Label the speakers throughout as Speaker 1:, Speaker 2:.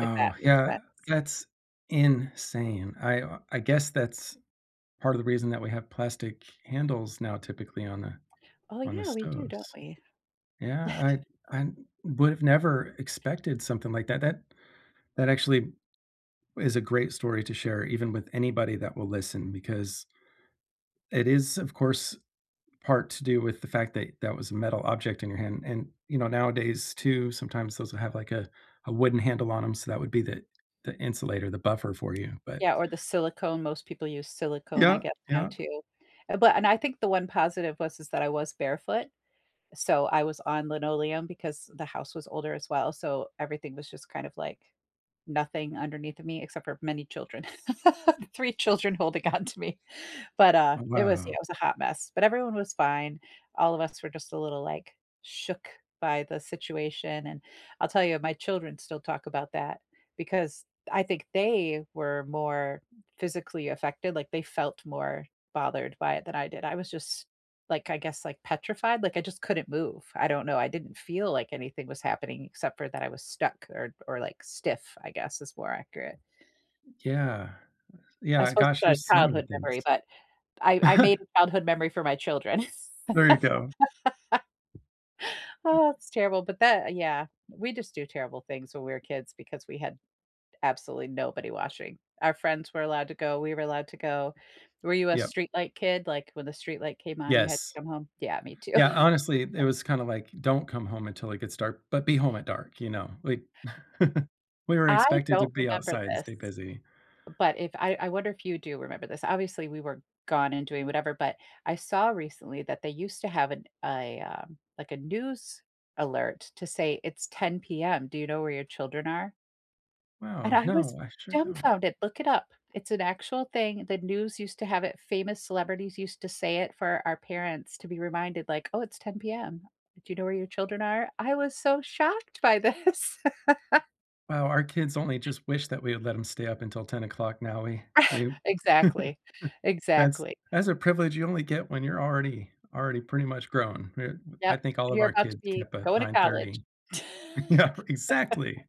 Speaker 1: If that makes
Speaker 2: yeah,
Speaker 1: sense.
Speaker 2: that's insane. I, uh, I guess that's part of the reason that we have plastic handles now typically on the
Speaker 1: Oh,
Speaker 2: on the
Speaker 1: yeah, we do, don't
Speaker 2: stoves.
Speaker 1: we?
Speaker 2: Yeah, I I would’ve never expected something like that that that actually is a great story to share even with anybody that will listen because it is, of course, part to do with the fact that that was a metal object in your hand, and, you know, nowadays too, sometimes those have like a a wooden handle on ‘em, so that would be the the insulator, the buffer for you, but
Speaker 1: Yeah, or the silicone, most people use silicone, I
Speaker 2: Yeah,
Speaker 1: guess, now
Speaker 2: yeah.
Speaker 1: too. Uh, but and I think the one positive was, is that I was barefoot. So I was on linoleum because the house was older as well. So everything was just kind of like, nothing underneath of me except for many children, 3 children holding on to me. But, uh,
Speaker 2: Oh,
Speaker 1: it was it
Speaker 2: wow.
Speaker 1: was a hot mess, but everyone was fine. All of us were just a little, like, shook by the situation, and I'll tell you, my children still talk about that because I think they were more physically affected, like, they felt more bothered by it than I did, I was just, like, I guess, like petrified, like I just couldn't move. I don't know I didn't feel like anything was happening except for that I was stuck or or like stiff, I guess is more accurate.
Speaker 2: Yeah,
Speaker 1: I
Speaker 2: yeah
Speaker 1: suppose it's
Speaker 2: gosh,
Speaker 1: a
Speaker 2: there's so many
Speaker 1: childhood
Speaker 2: things.
Speaker 1: memory, but I I made a childhood memory for my children.
Speaker 2: There you go.
Speaker 1: Oh, that's terrible, but that yeah, we just do terrible things when we're kids because we had absolutely nobody watching. Our friends were allowed to go, we were allowed to go. Were you a
Speaker 2: Yep.
Speaker 1: streetlight kid? Like, when the streetlight came on, you had
Speaker 2: Yes.
Speaker 1: to come home? Yeah, me too.
Speaker 2: Yeah, honestly, eh, it was kinda, like, "Don't come home until it gets dark, but be home at dark." You know? Like we were
Speaker 1: I
Speaker 2: expected to
Speaker 1: don't
Speaker 2: be
Speaker 1: remember
Speaker 2: outside and
Speaker 1: this
Speaker 2: stay busy.
Speaker 1: but if I I wonder if you do remember this. Obviously, we were gone and doing whatever, but, I saw recently that they used to have an a, um, like a news alert to say "It's 10 PM, do you know where your children are?" and
Speaker 2: Wow,
Speaker 1: I was
Speaker 2: no, I sure don't.
Speaker 1: dumbfounded. Look it up, it's an actual thing, the news used to have it, famous celebrities used to say it for our parents to be reminded like, "Oh, it's 10 PM. Do you know where your children are?" I was so shocked by this.
Speaker 2: Wow, our kids only just wish that we had let ‘em stay up until 10:00 'o clock, now we we
Speaker 1: Exactly,
Speaker 2: That's
Speaker 1: exactly.
Speaker 2: that's a privilege you only get when you're already already pretty much grown. R I
Speaker 1: Yep,
Speaker 2: think all
Speaker 1: when
Speaker 2: of
Speaker 1: you're
Speaker 2: our
Speaker 1: about to
Speaker 2: kids get
Speaker 1: be
Speaker 2: up at
Speaker 1: going to
Speaker 2: nine
Speaker 1: college.
Speaker 2: thirty. Yep, exactly.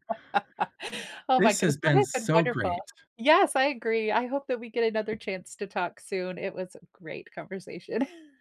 Speaker 1: Oh my
Speaker 2: This has
Speaker 1: goodness, but hey
Speaker 2: been
Speaker 1: its been
Speaker 2: so
Speaker 1: wonderful.
Speaker 2: great.
Speaker 1: Yes, I agree, I hope that we get another chance to talk soon. It was a great conversation.